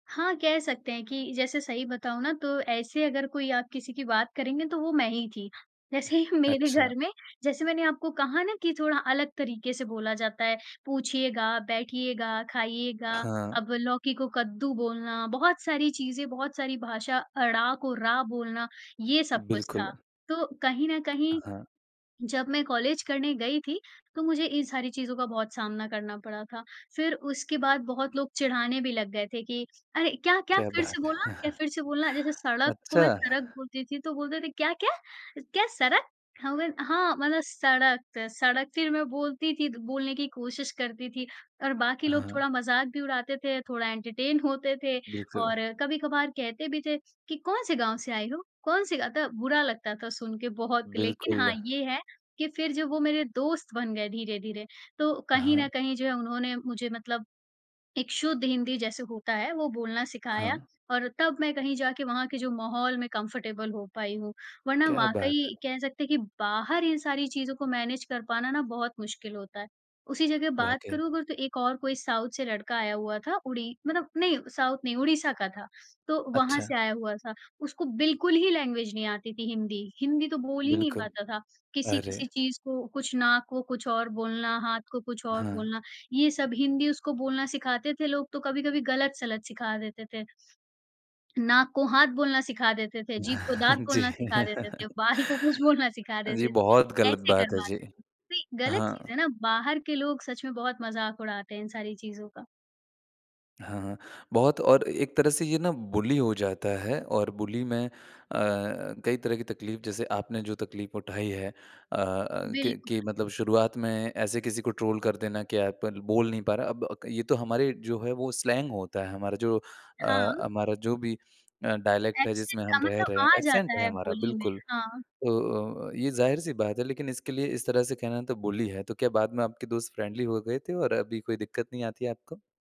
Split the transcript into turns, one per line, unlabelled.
हाँ, कह सकते हैं कि जैसे सही बताऊँ ना तो ऐसे अगर कोई आप किसी की बात करेंगे तो वो मैं ही थी। जैसे ही मेरे
अच्छा।
घर में जैसे मैंने आपको कहा ना कि थोड़ा अलग तरीके से बोला जाता है, पूछिएगा, बैठिएगा, खाइएगा,
हाँ।
अब लौकी को कद्दू बोलना, बहुत सारी चीज़ें, बहुत सारी भाषा, अड़ा को रा बोलना, ये सब कुछ था।
बिल्कुल।
तो कहीं न कहीं,
हाँ।
जब मैं कॉलेज करने गई थी तो मुझे इन सारी चीज़ों का बहुत सामना करना पड़ा था, फिर उसके बाद बहुत लोग चिढ़ाने भी लग गए थे कि अरे! क्या, क्या
क्या
फिर से
बात है!
बोलना क्या फिर से बोलना, जैसे सड़क को
अच्छा।
मैं सरक बोलती थी तो बोलते थे क्या क्या, क्या सरक हाँ म हाँ, मतलब सड़क सड़क फिर मैं बोलती थी, द बोलने की कोशिश करती थी और बाकी लोग
हाँ।
थोड़ा मजाक भी उड़ाते थे, थोड़ा एंटरटेन होते थे।
बिल्कुल।
और कभी-कभार कहते भी थे "कि कौन-से गाँव से आई हो, कौन-से ग अ," बुरा लगता था सुन के बहुत लेकिन
बिल्कुल।
हाँ, ये है कि फिर जब वो मेरे दोस्त बन गए धीरे-धीरे तो कहीं न
हाँ।
कहीं जो है उन्होंने मुझे मतलब, एक शुद्ध हिंदी जैसे होता है वो बोलना सिखाया
हाँ।
और तब मैं कहीं जाके वहाँ के जो माहौल में कंफर्टेबल हो पाई हूँ। वरना
क्या बात
वाक़ई
है।
कह सकते हैं कि बाहर इन सारी चीज़ों को मैनेज कर पाना ना बहुत मुश्किल होता है। उसी जगह बात
वाक़ई।
करूँ अगर तो एक और कोई साउथ से लड़का आया हुआ था उड़ी मतलब अपने नहीं साउथ नहीं ओडिशा का था, तो वहाँ
अच्छा।
से आया हुआ था। उसको बिल्कुल ही लैंग्वेज नहीं आती थी हिंदी। हिंदी तो बोल ही नहीं
बिल्कुल।
पाता था।
अरे!
किसी-किसी चीज़ को कुछ नाक को कुछ और बोलना, हाथ को कुछ और
हाँ।
बोलना, ये सब हिंदी उसको बोलना सिखाते थे लोग तो कभी-कभी गलत-सलत सिखा देते थे। नाक को हाथ बोलना सिखा देते थे, जीभ को दाँत
जी।
बोलना सिखा देते थे, बाल को कुछ बोलना सिखा
जी,
देते
बहुत
थे।
गलत
ऐसे
बात है, जी।
करवाते थे, ये गलत चीज़
हाँ।
है ना बाहर के लोग सच में बहुत मज़ाक उड़ाते हैं इन सारी चीज़ का।
हाँ, हाँ। बहुत और एक तरह से ये ना बुली हो जाता है और बुली में अ, कई तरह की तकलीफ जैसे आपने जो तकलीफ उठाई है अ अ, कि
बिल्कुल।
कि मतलब शुरुआत में ऐसे किसी को ट्रोल कर देना कि आप ल बोल नहीं पा रहा। अब क ये तो हमारे जो है वो स्लैंग होता है हमारा जो अ,
हाँ।
हमारा जो भी अ, डायलेक्ट है
एक्सेंट
जिसमें
अ,
हम रह
मतलब
रहे हैं,
आ
एक्सेंट
जाता
है
है
हमारा
बोली में।
बिल्कुल।
हाँ।
तो अ, ये जाहिर-सी बात है लेकिन इसके लिए इस तरह से कहना तो बुली है, तो क्या बाद में आपके दोस्त फ्रेंडली हो गए थे और अभी कोई दिक्कत नहीं आती है आपको?